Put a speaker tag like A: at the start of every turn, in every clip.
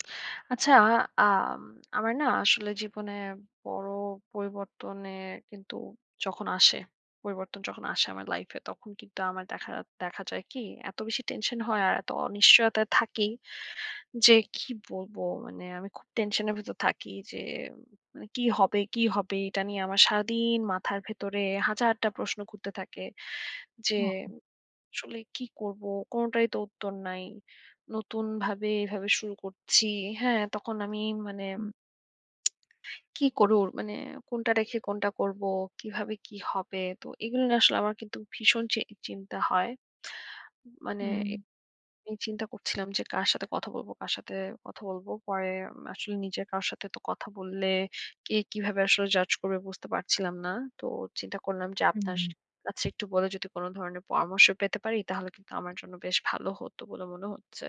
A: আচ্ছা, আম আমার না আসলে জীবনে বড় পরিবর্তনে কিন্তু যখন আসে পরিবর্তন যখন আসে আমার লাইফে, তখন কিন্তু আমার দেখা দেখা যায় কি? এত বেশি টেনশন হয়, আর এত অনিশ্চয়তায় থাকি, যে কি বলবো? মানে আমি খুব টেনশনের ভেতর থাকি যে মানে কি হবে কি হবে? এটা নিয়ে আমার সারাদিন মাথার ভেতরে হাজারটা প্রশ্ন ঘুরতে থাকে। যে
B: ও!
A: আসলে কি করবো? কোনটাই তো উত্তর নাই। নতুনভাবে এভাবে শুরু করছি। হ্যাঁ, তখন আমি মানে
B: হুম।
A: কি করুর মানে কোনটা রেখে কোনটা করবো? কিভাবে কী হবে? তো এগুলো না আসলে আমার কিন্তু ভীষণ চি চিন্তা হয়। মানে এ
B: হুম।
A: আমি চিন্তা করছিলাম যে কার সাথে কথা বলবো কার সাথে কথা বলবো? পরে আসলে নিজের কারও সাথে তো কথা বললে কে কিভাবে আসলে জাজ করবে? বুঝতে পারছিলাম না। তো চিন্তা করলাম যে আপনার সা
B: হু।
A: কাছে একটু বলে যদি কোন ধরনের পরামর্শ পেতে পারি, তাহলে কিন্তু আমার জন্য বেশ ভালো হতো বলে মনে হচ্ছে।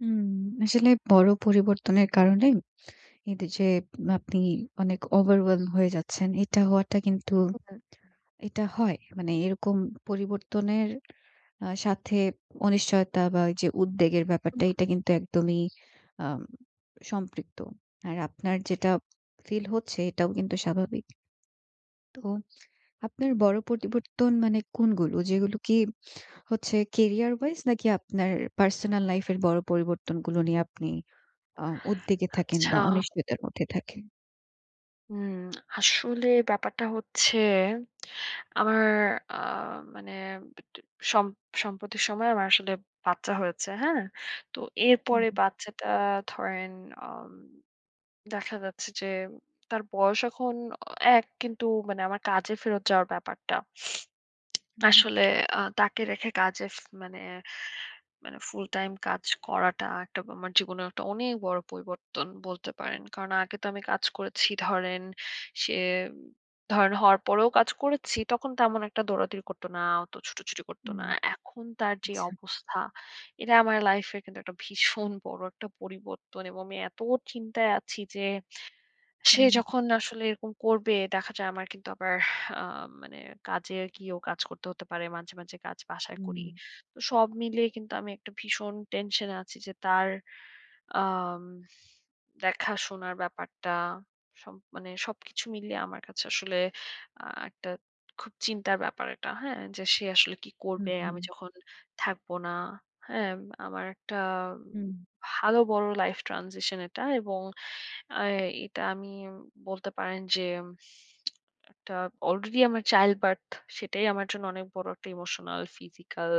B: হুম। আসলে বড় পরিবর্তনের কারণে এদ যে আপনি অনেক overwhelm হয়ে যাচ্ছেন। এটা হওয়াটা কিন্তু
A: হু, হু, হু।
B: এটা হয়। মানে এরকম পরিবর্তনের আ সাথে অনিশ্চয়তা বা, এ যে উদ্বেগের
A: হু,
B: ব্যাপারটা,
A: হু।
B: এটা কিন্তু একদমই আম সম্পৃক্ত। আর আপনার যেটা ফিল হচ্ছে, এটাও কিন্তু স্বাভাবিক। তো আপনার বড় পরিবর্তন মানে কোনগুলো? যেগুলো কি হচ্ছে career-wise নাকি আপনার পার্সোনাল লাইফের বড় পরিবর্তনগুলো নিয়ে আপনি অ উদ্বেগে থাকেন
A: আচ্ছা।
B: বা, অনিশ্চয়তার মধ্যে থাকেন?
A: হুম, আসলে ব্যাপারটা হচ্ছে আমার আ মানে বিটে সম সম্প্রতি সময়ে আমার আসলে বাচ্চা হয়েছে। হ্যাঁ? তো এরপরে
B: হুউম।
A: বাচ্চাটা ধরেন আম দেখা যাচ্ছে যে, তার বয়স এখন অ ১ কিন্তু মানে আমার কাজে ফেরত যাওয়ার ব্যাপারটা
B: হুম, হুম।
A: আসলে আ তাকে রেখে কাজে ফে মানে মানে ফুল টাইম কাজ করাটা একটা আমার জীবনের একটা অনেক বড় পরিবর্তন বলতে পারেন। কারণ আগে তো আমি কাজ করেছি ধরেন সে ধরেন হওয়ার পরেও কাজ করেছি। তখন তেমন একটা দৌড়াদৌড়ি করতো না, অত ছুটোছুটি করতো
B: হুম,
A: না। এখন তার যে
B: আচ্ছা।
A: অবস্থা, এটা আমার লাইফের কিন্তু একটা ভীষণ বড় একটা পরিবর্তন এবং আমি এত চিন্তায় আছি যে, সে
B: হুম।
A: যখন আসলে এরকম করবে, দেখা যায় আমার কিন্তু আবার আ মানে কাজে আরকি ও কাজ করতে হতে পারে। মাঝে, মাঝে কাজ বাসায় করি।
B: হুম।
A: তো সব মিলিয়ে কিন্তু আমি একটা ভীষণ টেনশনে আছি যে, তার আম দেখাশোনার ব্যাপারটা সব মানে সবকিছু মিলিয়ে আমার কাছে আসলে আ একটা খুব চিন্তার ব্যাপার এটা, হ্যাঁ? যে সে আসলে কী
B: হুম,
A: করবে? আমি
B: হুম।
A: যখন থাকব না, হ্যাঁ? আমার একটা উম
B: হুম।
A: ভালো বড় life transition এটা এবং অ্যা এটা আমি বলতে পারেন যে, একটা অলরেডি আমার childbirth, সেটাই আমার জন্য অনেক বড় একটা ইমোশনাল, ফিজিক্যাল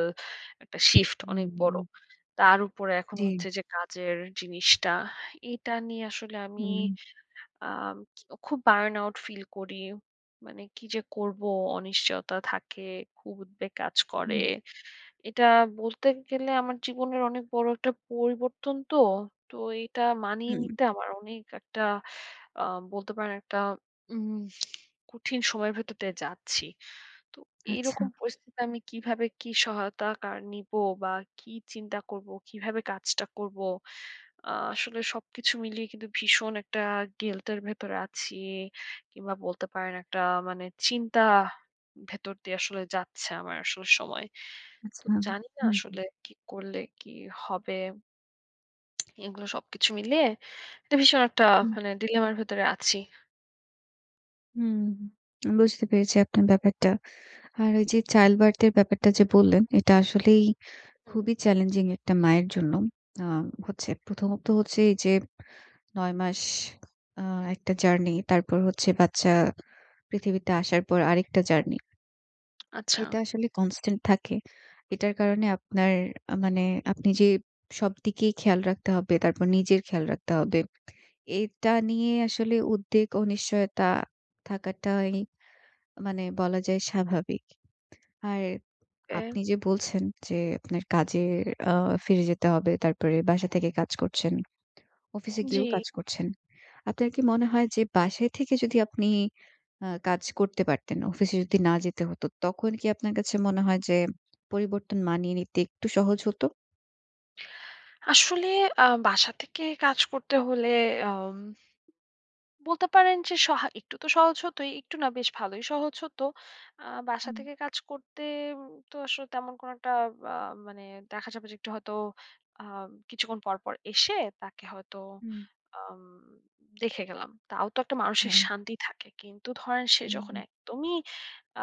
A: একটা শিফট
B: হুম,
A: অনেক
B: হুম।
A: বড়। তার ওপরে এখন
B: জ্বী।
A: হচ্ছে যে কাজের জিনিসটা। এটা নিয়ে আসলে আমি
B: হুম।
A: আম খুব burnout ফিল করি। মানে কী যে করবো? অনিশ্চয়তা থাকে, খুব উদ্বেগ কাজ করে।
B: হুম।
A: এটা বলতে গেলে আমার জীবনের অনেক বড় একটা পরিবর্তন তো। তো এটা মানিয়ে
B: হুম।
A: নিতে আমার অনেক একটা আ বলতে পারেন একটা উমহ কঠিন সময়ের ভেতর দিয়ে যাচ্ছি। তো এই
B: আচ্ছা।
A: রকম পরিস্থিতিতে আমি কীভাবে কী সহায়তা কার নিব? বা, কী চিন্তা করবো? কীভাবে কাজটা করবো? আ আসলে সবকিছু মিলিয়ে কিন্তু ভীষণ একটা গিল্টের ভেতরে আছি। কিংবা বলতে পারেন একটা মানে চিন্তা ভেতর দিয়ে আসলে যাচ্ছে আমার আসলে সময়। তো
B: আচ্ছা।
A: জানি না
B: হুম, হুম।
A: আসলে কী করলে কী হবে? এগুলো সবকিছু মিলিয়ে একটা ভীষণ একটা
B: হুম।
A: মানে dilemma র ভেতরে আছি।
B: হুম, বুঝতে পেরেছি আপনার ব্যাপারটা। আর এইযে childbirth এর ব্যাপারটা যে বললেন, এটা আসলেই
A: হুম।
B: খুবই চ্যালেঞ্জিং একটা মায়ের জন্য। আ হচ্ছে প্রথমত হচ্ছে এইযে ৯ মাস আ একটা জার্নি। তারপর হচ্ছে বাচ্চা পৃথিবীতে আসার পর আরেকটা জার্নি।
A: আচ্ছা।
B: এটা আসলে constant থাকে। এটার কারণে আপনার আ মানে আপনি যে সবদিকেই খেয়াল রাখতে হবে, তারপর নিজের খেয়াল রাখতে হবে। এটা নিয়ে আসলে উদ্বেগ ও নিশ্চয়তা থাকাটাই মানে বলা যায় স্বাভাবিক। আর
A: ওকে।
B: আপনি যে বলছেন যে, আপনার কাজে আ ফিরে যেতে হবে। তারপরে বাসা থেকে কাজ করছেন। অফিসে
A: জি।
B: গিয়েও কাজ করছেন। আপনার কি মনে হয় যে বাসায় থেকে যদি আপনি অ কাজ করতে পারতেন, অফিসে যদি না যেতে হতো, তখন কি আপনার কাছে মনে হয় যে পরিবর্তন মানিয়ে নিতে একটু সহজ হতো?
A: আসলে আ বাসা থেকে কাজ করতে হলে অম বলতে পারেন যে সহা একটু তো সহজ হতই। একটু না, বেশ ভালোই সহজ হতো। আ বাসা
B: হুম।
A: থেকে কাজ করতে উম তো আসলে তেমন কোন একটা বা মানে দেখা যাবে যে, একটু হয়তো আম কিছুক্ষণ পর, পর এসে তাকে হয়তো
B: হুম।
A: আম দেখে গেলাম। তাও তো একটা মানসিক
B: হ্যাঁ।
A: শান্তি থাকে। কিন্তু ধরেন সে
B: হুম,
A: যখন
B: উ
A: একদমই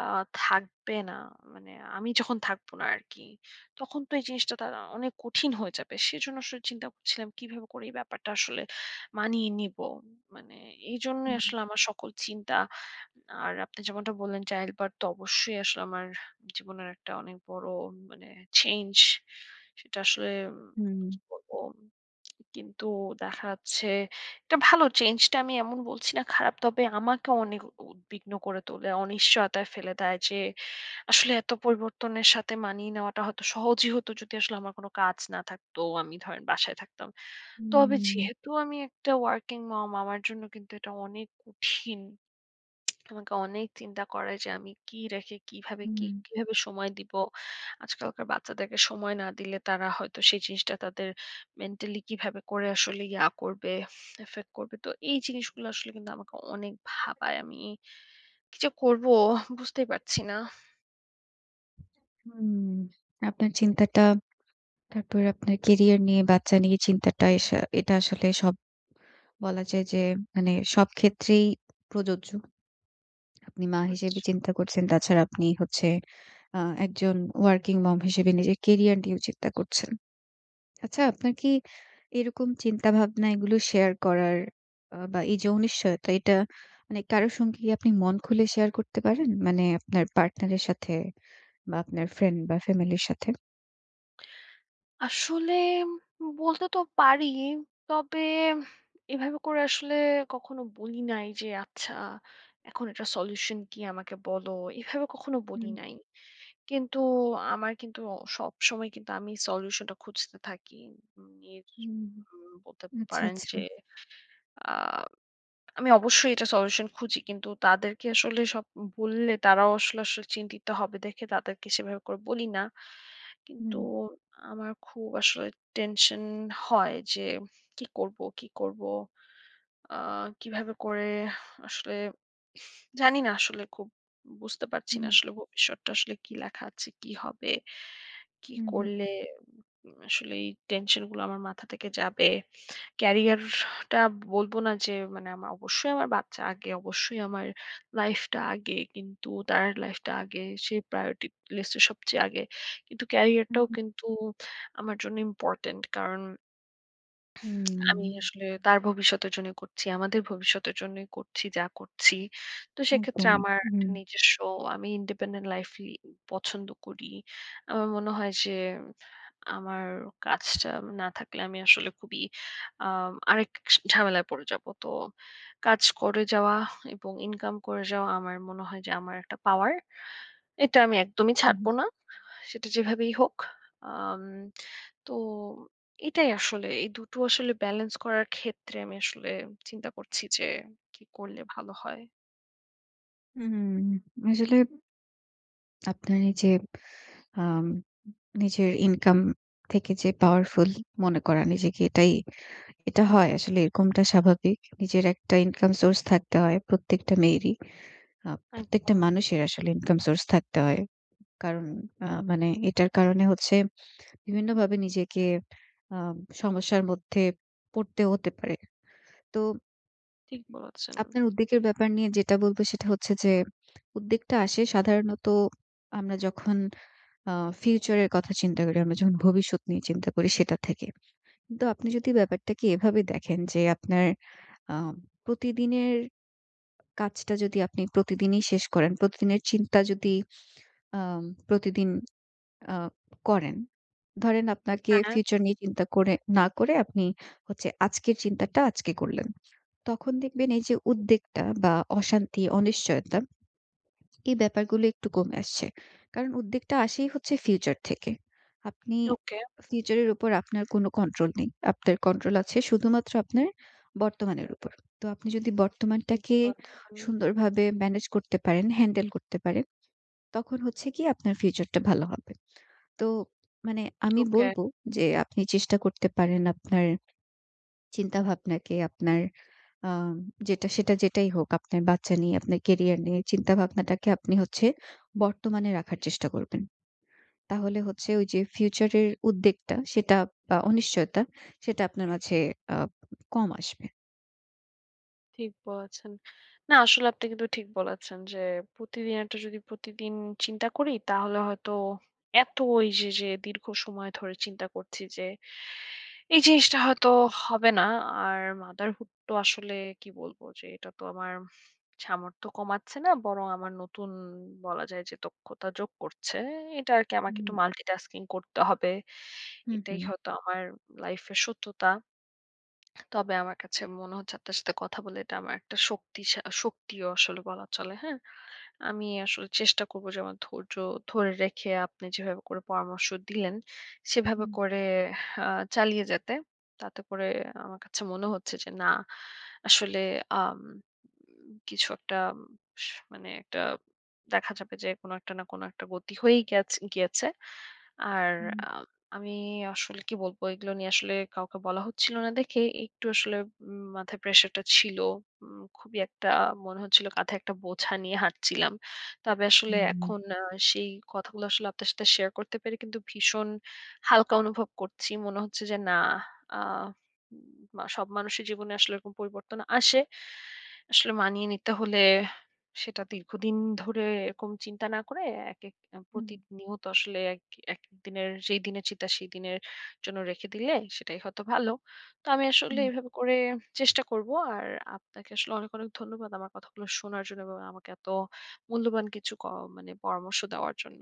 A: আ থাকবে না মানে আমি যখন থাকবো না আরকি। তখন তো এই জিনিসটা তার অনেক কঠিন হয়ে যাবে। সেজন্য আসলে চিন্তা করছিলাম কিভাবে করে এই ব্যাপারটা আসলে মানিয়ে নিবো। মানে এইজন্যই
B: হুম।
A: আসলে আমার সকল চিন্তা। আর আপনি যেমনটা বললেন, child birth তো অবশ্যই আসলে আমার জীবনের একটা অনেক বড় মানে চেঞ্জ। সেটা আসলে কি
B: হুম।
A: বলবো? কিন্তু দেখা যাচ্ছে, এটা ভালো। চেঞ্জটা আমি এমন বলছি না খারাপ। তবে আমাকে অনেক উদ্বিগ্ন করে তোলে। অনিশ্চয়তায় ফেলে দেয় যে আসলে এত পরিবর্তনের সাথে মানিয়ে নেওয়াটা হয়তো সহজই হতো যদি আসলে আমার কোন কাজ না থাকতো। আমি ধরেন বাসায় থাকতাম। তবে
B: হুম।
A: যেহেতু আমি একটা working mom, আমার জন্য কিন্তু এটা অনেক কঠিন। আমাকে অনেক চিন্তা করে যে, আমি কি রেখে, কিভাবে কি
B: হুম।
A: কিভাবে সময় দিব? আজকালকার বাচ্চাদেরকে সময় না দিলে তারা হয়তো সেই জিনিসটা তাদের মেন্টালি কিভাবে করে আসলে ইয়া করবে, এফ এফেক্ট করবে? তো এই জিনিসগুলো আসলে কিন্তু আমাকে অনেক
B: [unintelligible]
A: ভাবায়।
B: সেটাই।
A: আমি
B: [unintelligible]
A: কি যে করবো? বুঝতেই পারছি না।
B: [unintelligible] হুম। আপনার চিন্তাটা, তারপরে আপনার কেরিয়ার নিয়ে, বাচ্চা নিয়ে চিন্তাটা এসা এটা আসলে সব বলা যায় যে মানে সবক্ষেত্রেই প্রযোজ্য। আপনি মা হিসেবে
A: আচ্ছা।
B: চিন্তা করছেন। তাছাড়া আপনি হচ্ছে আ একজন working mom হিসেবে নিজের কেরিয়ার নিয়েও চিন্তা করছেন। আচ্ছা আপনার কি এরকম চিন্তা ভাবনা এগুলো শেয়ার করার আ বা, এইযে অনিশ্চয়তা, এটা মানে কারো সঙ্গে কি আপনি মন খুলে শেয়ার করতে পারেন? মানে আপনার পার্টনারের সাথে বা, আপনার ফ্রেন্ড বা, ফ্যামিলির সাথে?
A: আসলে হুম বলতে তো পারিই। তবে, এভাবে করে আসলে কখনো বলি নাই যে, "আচ্ছা, এখন এটার সলিউশান কি আমাকে বলো?" এভাবে কখনো বলি
B: হুম।
A: নাই। কিন্তু আমার কিন্তু অ সবসময় কিন্তু আমি সলিউশানটা খুঁজতে থাকি। উম ইর
B: হুম, হু,
A: উম বলতে
B: হু। আচ্ছা,
A: পারেন
B: আচ্ছা।
A: যে আম আমি অবশ্যই এটা সলিউশান খুঁজি। কিন্তু তাদেরকে আসলে সব উ বললে, তারাও আসলে আসলে চিন্তিত হবে দেখে তাদেরকে সেভাবে করে বলি না।
B: হুম,
A: কিন্তু
B: হুম।
A: আমার খুব আসলে টেনশন হয় যে কি করবো, কি করবো? আ কীভাবে করে আসলে জানি না আসলে খুব বুঝতে পারছি না,
B: হুম।
A: আসলে ভবিষ্যৎটা আসলে কি লেখা আছে? কি হবে? কি
B: হুম, হুম।
A: করলে উ আসলে এই টেনশনগুলো আমার মাথা থেকে যাবে। ক্যারিয়ারটা বলবো না যে মানে আমার অবশ্যই আমার বাচ্চা আগে। অবশ্যই আমার লাইফটা আগে। কিন্তু তার লাইফটা আগে। সে প্রায়োরিটির লিস্টের সবচেয়ে আগে। কিন্তু
B: হুম,
A: ক্যারিয়ারটাও
B: হু।
A: কিন্তু আমার জন্য ইম্পরটেন্ট। কারণ আমি
B: হুম।
A: আসলে তার ভবিষ্যতের জন্যই করছি। আমাদের ভবিষ্যতের জন্যই করছি, যা করছি। তো সেক্ষেত্রে
B: একদমই।
A: আমার
B: হু, হু, হু।
A: নিজস্ব আমি independent লাইফই পছন্দ করি। আমার মনে হয় সে আমার কাজটা না থাকলে আমি আসলে খুবই আম আরেক সা ঝামেলায় পড়ে যাব। তো কাজ করে যাওয়া এবং ইনকাম করে যাওয়া আমার মনে হয় যে আমার একটা পাওয়ার। এটা আমি একদমই
B: উ হুম।
A: ছাড়ব না। সেটা যেভাবেই হোক। আম তো এটাই আসলে। এই ২ টো আসলে ব্যালেন্স করার ক্ষেত্রে আমি আসলে চিন্তা করছি যে, কি করলে ভালো হয়?
B: হু, হুম। আসলে আপনার এইযে আম নিজের ইনকাম থেকে যে পাওয়ারফুল মনে করা নিজেকে, এটাই এটা হয় আসলে। এরকমটা স্বাভাবিক। নিজের একটা ইনকাম সোর্স থাকতে হয় প্রত্যেকটা মেয়েরই। আ প্রত্যেকটা
A: একদম।
B: মানুষের আসলে ইনকাম সোর্স থাকতে হয়। কারণ আ মানে এটার কারণে হচ্ছে বিভিন্নভাবে নিজেকে আম সমস্যার মধ্যে পড়তে হতে পারে। তো
A: ঠিক বলেছেন।
B: আপনার উদ্বেগের ব্যাপার নিয়ে যেটা বলবো, সেটা হচ্ছে যে উদ্বেগটা আসে সাধারণত আমরা যখন আ ফিউচারের কথা চিন্তা করি, আমরা যখন ভবিষ্যত নিয়ে চিন্তা করি, সেটা থেকে। কিন্তু আপনি যদি ব্যাপারটাকে এভাবে দেখেন যে আপনার আ প্রতিদিনের কাজটা যদি আপনি প্রতিদিনই শেষ করেন, প্রতিদিনের চিন্তা যদি আ প্রতিদিন আ করেন, ধরেন আপনাকে
A: হ্যাঁ।
B: ফিউচার নিয়ে চিন্তা করে না করে আপনি হচ্ছে আজকের চিন্তাটা আজকে করলেন। তখন দেখবেন এইযে উদ্বেগটা বা, অশান্তি, অনিশ্চয়তা এই ব্যাপারগুলো একটু কমে আসছে। কারণ উদ্বেগটা আসেই হচ্ছে ফিউচার থেকে। আপনি
A: ওকে।
B: ফিউচারের উপর আপনার কোন কন্ট্রোল নেই। আপনার কন্ট্রোল আছে শুধুমাত্র আপনার বর্তমানের উপর। তো আপনি যদি
A: ঠিক
B: বর্তমানটাকে
A: বলছেন।
B: সুন্দরভাবে ম্যানেজ করতে পারেন, হ্যান্ডেল করতে পারেন, তখন হচ্ছে কি? আপনার ফিউচারটা ভালো হবে। তো মানে আমি
A: ওকে।
B: বলবো যে আপনি চেষ্টা করতে পারেন আপনার চিন্তা ভাবনাকে আপনার আম যেটা সেটা যেটাই হোক, আপনার বাচ্চা নিয়ে, আপনার ক্যারিয়ার নিয়ে চিন্তা ভাবনাটাকে আপনি হচ্ছে বর্তমানে রাখার চেষ্টা করবেন। তাহলে হচ্ছে ওইযে ফিউচারের উদ্বেগটা, সেটা আ অনিশ্চয়তা, সেটা আপনার মাঝে আ কম আসবে।
A: ঠিক বলেছেন। না আসলে আপনি কিন্তু ঠিক বলেছেন, যে প্রতিদিন একটা যদি প্রতিদিন চিন্তা করি, তাহলে হয়তো এত এইযে যে দীর্ঘ সময় ধরে চিন্তা করছি যে, এই জিনিসটা হয়তো হবে না। আর motherhood তো আসলে কি বলবো? যে এটা তো আমার সামর্থ্য কমাচ্ছে না বরং আমার নতুন বলা যায় যে দক্ষতা যোগ করছে। এটা আরকি আমাকে
B: হুম।
A: একটু multitasking করতে হবে।
B: হুম,
A: এটাই
B: হুম।
A: হয়তো আমার লাইফের সত্যতা। তবে আমার কাছে মনে হচ্ছে আপনার সাথে কথা বলে এটা আমার একটা শক্তিশা শক্তিও আসলে বলা চলে। হ্যাঁ? আমি আসলে চেষ্টা করবো যে আমার ধৈর্য ধরে রেখে, আপনি যেভাবে করে পরামর্শ দিলেন, সেভাবে
B: হুম।
A: করে হা চালিয়ে যেতে। তাতে করে আমার কাছে মনে হচ্ছে যে, না আসলে আম উম কিছু একটা স মানে একটা দেখা যাবে যে, কোন একটা না কোন একটা গতি হয়েই গেছে গিয়েছে। আর
B: হুম।
A: আম আমি আসলে কি বলবো? এগুলো নিয়ে আসলে কাউকে বলা হচ্ছিল না দেখে একটু আসলে উম মাথায় প্রেশারটা ছিল। উম খুবই একটা মনে হচ্ছিল কাধে একটা বোঝা নিয়ে হাঁটছিলাম। তবে আসলে
B: হুম, হুম।
A: এখন আ সেই কথাগুলো আসলে আপনার সাথে শেয়ার করতে পেরে কিন্তু ভীষণ হালকা অনুভব করছি। মনে হচ্ছে যে, না আ উ সব মানুষের জীবনে আসলে এরকম পরিবর্তন আসে। আসলে মানিয়ে নিতে হলে সেটা দীর্ঘদিন ধরে এরকম চিন্তা না করে একেক উ
B: হুম।
A: প্রতিনিয়ত আসলে এক একেকদিনের যেই দিনের চিন্তা, সেই দিনের জন্য রেখে দিলে, সেটাই হয়তো ভালো। তো আমি আসলে
B: হুম।
A: এভাবে করে চেষ্টা করবো। আর আপনাকে আসলে অনেক, অনেক ধন্যবাদ আমার কথাগুলো শোনার জন্য এবং আমাকে এত মূল্যবান কিছু ক মানে পরামর্শ দেওয়ার জন্য।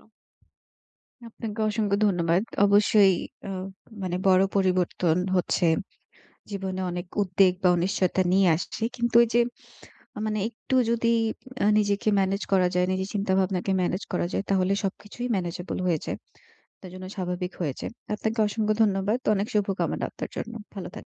B: আপনাকে অসংখ্য ধন্যবাদ। অবশ্যই অ মানে বড় পরিবর্তন হচ্ছে। জীবনে অনেক উদ্বেগ বা, অনিশ্চয়তা নিয়ে আসছে। কিন্তু এইযে মানে একটু যদি আ নিজেকে ম্যানেজ করা যায়, নিজের চিন্তা ভাবনাকে ম্যানেজ করা যায়, তাহলে সবকিছুই ম্যানেজেবল হয়ে যায়। তার জন্য স্বাভাবিক হয়ে যায়। আপনাকে অসংখ্য ধন্যবাদ। অনেক শুভকামনা আপনার জন্য। ভালো থাকুন।